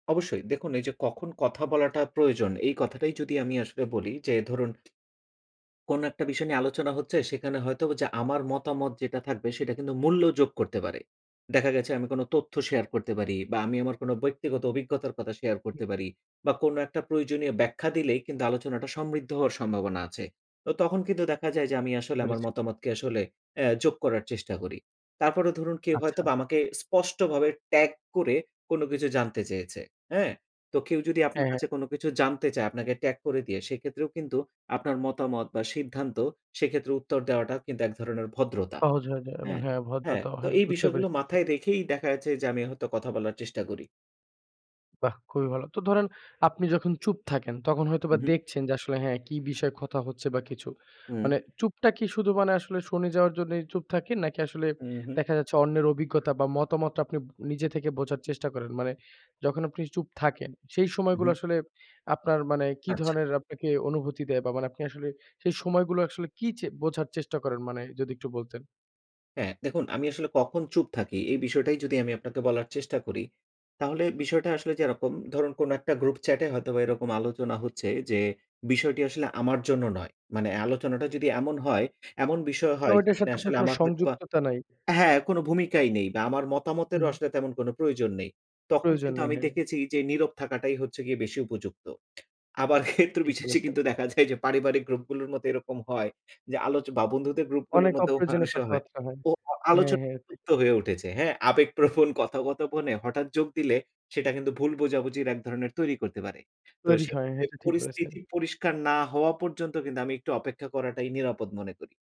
অবশ্যই। দেখুন এই যে কখন কথা বলাটা প্রয়োজন? এই কথাটাই যদি আমি আসলে বলি যে ধরুন কোনো একটা বিষয় নিয়ে আলোচনা হচ্ছে, সেখানে হয়তো যা আমার মতামত যেটা থাকবে, সেটা কিন্তু মূল্য যোগ করতে পারে। দেখা গেছে আমি কোন তথ্য শেয়ার করতে পারি বা আমি আমার কোন বইক্তিগত অভিজ্ঞতার কথা শেয়ার হু। করতে পারি বা কোনো একটা প্রয়োজনীয় ব্যাখ্যা দিলেই কিন্তু, আলোচনাটা সমৃদ্ধ হওয়ার সম্ভাবনা আছে। তো তখন কিন্তু দেখা যায় যে আমি আসলে আমার পেরেছি। মতামতকে আসলে, এ যোগ করার চেষ্টা করি। তারপরেও ধরুন কেউ হয়তো আচ্ছা। আমাকে স্পষ্টভাবে ট্যাগ করে, কোন কিছু জানতে চেয়েছে, হ্যাঁ? তো কেউ যদি আপনার হ্যাঁ, হ্যাঁ। কাছে কোন কিছু জানতে চায় আপনাকে ট্যাগ করে দিয়ে, সেক্ষেত্রেও কিন্তু আপনার মতামত বা সিদ্ধান্ত, সেক্ষেত্রে উত্তর দেওয়াটাও কিন্তু এক ধরনের ভদ্রতা সহজ হয়ে যায়। এব হ্যাঁ, হ্যাঁ, হ্যাঁ, ভদ্রতাও তো হয়। এই বুঝতে বিষয়গুলো পেরেছি। স মাথায় রেখেই দেখাচ্ছে যে, আমি হয়তো কথা বলার চেষ্টা করি। বাহ্! খুবই ভালো। তো ধরেন আপনি যখন চুপ থাকেন, তখন হু, হয়তোবা হু। দেখছেন যে আসলে হ্যাঁ, কি বিষয়ে কথা হচ্ছে বা কিছু? হুম। মানে চুপটা কি শুধু মানে আসলে শুনে যাওয়ার জন্যই চুপ থাকেন, নাকি আসলে হু, হুম। দেখা যাচ্ছে অন্যের অভিজ্ঞতা বা মতামতটা আপনি নিজে থেকে বোঝার চেষ্টা করেন? মানে যখন আপনি চুপ থাকেন, সেই হুম, সময়গুলো হুম। আসলে আপনার মানে কি আচ্ছা। ধরনের আপনাকে অনুভূতি দেয় বা মানে আপনি আসলে সেই সময়গুলো আসলে কী চে বোঝার চেষ্টা করেন? মানে যদি একটু বলতেন? হ্যা, দেখুন আমি আসলে কখন চুপ থাকি? এই বিষয়টাই যদি আমি আপনাকে বলার চেষ্টা করি। তাহলে বিষয়টা আসলে যে এরকম ধরুন, কোন একটা গ্রুপ চ্যাটে হয়তোবা এরকম আলোচনা হচ্ছে যে, বিষয়টি আসলে আমার জন্য নয়। মানে আলোচনাটা যদি এমন হয়, এমন বিষয় কারণ হয় ঐটার যেখানে সাথে আপনার আসলে কোন আমার হয়তোবা সংযুক্ততা নাই। হ্যাঁ, কোন ভূমিকাই নেই বা আমার হু, মতামতের হু। আসলে তেমন কোন প্রয়োজন নেই। তখন প্রয়োজন কিন্তু নেই, আমি হ্যাঁ। দেখেছি যে, নীরব থাকাটাই হচ্ছে গিয়ে বেশি উপযুক্ত। আবার ক্ষেত্র ঠিক বিশেষে বলেছেন। কিন্তু দেখা যায় যে, পারিবারিক গ্রুপ গুলোর মতো এরকম হয় যে, আলোচ বা বন্ধুদের গ্রুপ গুলোর অনেক মধ্যেও হয়, অপ্রয়োজনীয় অনেক সময় হয় কথাবার্তা হয়। ও হ্যাঁ, আলোচনা হ্যাঁ, [unintelligible] ঠিক। জুক্ত হয়ে উঠেছে, হ্যাঁ? আবেগ প্রবণ কথা-কথপনে হঠাৎ যোগ দিলে, সেটা কিন্তু ভুল বোঝাবুঝির ১ ধরনের তৈরি করতে পারে। তো তৈরি হয়, সেক্ষেত্রে এটা ঠিক বলেছেন। পরিস্থিতি পরিষ্কার না হওয়া পর্যন্ত কিন্তু, আমি একটু অপেক্ষা করাটাই নিরাপদ মনে করি।